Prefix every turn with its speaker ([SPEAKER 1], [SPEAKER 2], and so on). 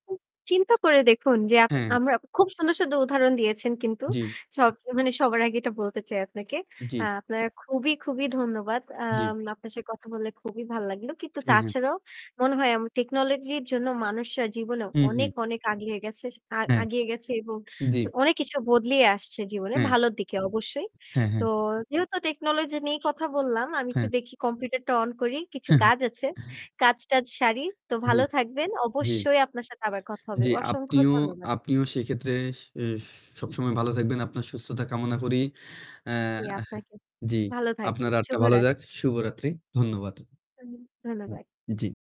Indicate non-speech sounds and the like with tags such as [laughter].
[SPEAKER 1] চিন্তা করে দেখুন যে আপ
[SPEAKER 2] হ্যাঁ।
[SPEAKER 1] আমরা খুব সুন্দর, সুন্দর উদাহরণ দিয়েছেন কিন্তু।
[SPEAKER 2] জ্বি।
[SPEAKER 1] সব অ মানে সবার আগে এটা বলতে চাই আপনাকে।
[SPEAKER 2] জ্বি।
[SPEAKER 1] আ আপনার খুবই, খুবই ধন্যবাদ। অ্যা
[SPEAKER 2] জ্বী।
[SPEAKER 1] আপনার সে কথা বলে খুবই ভাল লাগলো। কিন্তু
[SPEAKER 2] জি, জি।
[SPEAKER 1] তাছাড়াও মনে হয় আম টেকনোলজি জন্য মানুষরা জীবনে
[SPEAKER 2] হু,
[SPEAKER 1] অনেক,
[SPEAKER 2] হু।
[SPEAKER 1] অনেক, আগিয়ে গেছেস আ
[SPEAKER 2] হ্যাঁ।
[SPEAKER 1] আগিয়ে গেছে এবং
[SPEAKER 2] জ্বী।
[SPEAKER 1] অ অনেক কিছু বদলিয়ে আসছে জীবনে,
[SPEAKER 2] হ্যাঁ।
[SPEAKER 1] ভালোর দিকে অবশ্যই।
[SPEAKER 2] হ্যাঁ,
[SPEAKER 1] তো
[SPEAKER 2] হ্যাঁ।
[SPEAKER 1] যেহেতু টেকনোলজি নিয়ে কথা বললাম, আমি একটু
[SPEAKER 2] হ্যাঁ।
[SPEAKER 1] দেখি কম্পিউটারটা অন করি। কিছু কাজ আছে,
[SPEAKER 2] [chuckles]
[SPEAKER 1] কাজ টাজ সারি। তো
[SPEAKER 2] জী,
[SPEAKER 1] ভালো থাকবেন।
[SPEAKER 2] জী।
[SPEAKER 1] অবশ্যই আপনার সাথে আবার কথা হবে।
[SPEAKER 2] জি
[SPEAKER 1] অসংখ্য
[SPEAKER 2] আপনিও
[SPEAKER 1] ধন্যবাদ।
[SPEAKER 2] আপনিও সেক্ষেত্রে সে এস সবসময় ভালো থাকবেন। আপনার সুস্থতা কামনা করি। অ্যা
[SPEAKER 1] জি, আপনাকেও।
[SPEAKER 2] জি।
[SPEAKER 1] ভালো থাকবে।
[SPEAKER 2] আপনার রাতটা ভালো
[SPEAKER 1] শুভরাত্রি।
[SPEAKER 2] যাক, শুভরাত্রি। ধন্যবাদ। উম
[SPEAKER 1] ধন্যবাদ।
[SPEAKER 2] জ্বি।